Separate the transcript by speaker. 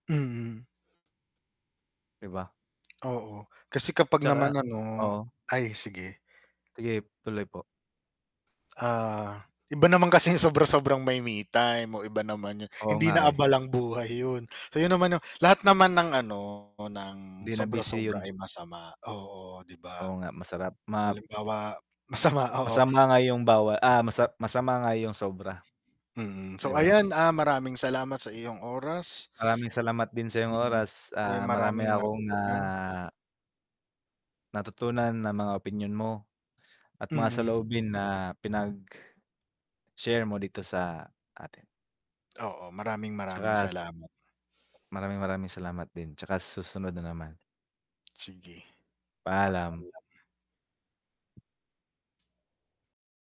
Speaker 1: Mm.
Speaker 2: 'Di ba?
Speaker 1: Oo, kasi kapag naman
Speaker 2: 'Tsaka
Speaker 1: ano
Speaker 2: oo.
Speaker 1: ay, sige.
Speaker 2: Sige, tuloy po.
Speaker 1: Ah, iba naman kasi yung sobra-sobrang may me-time, oh, iba naman 'yon.
Speaker 2: Oo
Speaker 1: Hindi
Speaker 2: nga,
Speaker 1: na
Speaker 2: eh.
Speaker 1: abalang buhay 'yon. Iyon naman 'yong lahat naman ng, ano, ng
Speaker 2: Hindi na busy
Speaker 1: sobra-sobra
Speaker 2: 'yon.
Speaker 1: ay masama, oo, 'di ba.
Speaker 2: Oo nga masarap, ma
Speaker 1: Halimbawa masama, oo
Speaker 2: Masama nga 'yong bawal ah, masa masama nga 'yong sobra.
Speaker 1: Mm,
Speaker 2: 'Di
Speaker 1: so
Speaker 2: ba?
Speaker 1: ayan, ah, maraming salamat sa iyong oras.
Speaker 2: Maraming salamat din sa'yong
Speaker 1: Mm.
Speaker 2: oras,
Speaker 1: Ako'y
Speaker 2: ah, marami
Speaker 1: maraming
Speaker 2: akong na
Speaker 1: natutunan.
Speaker 2: natutunan ng mga opinyon mo at mga
Speaker 1: Mm.
Speaker 2: saloobin na pinag-share mo dito sa atin.
Speaker 1: Oo, maraming, maraming
Speaker 2: 'Tsaka
Speaker 1: salamat.
Speaker 2: Maraming, maraming salamat din, 'tsaka susunod na naman.
Speaker 1: Sige,
Speaker 2: Paalam.
Speaker 1: paalam.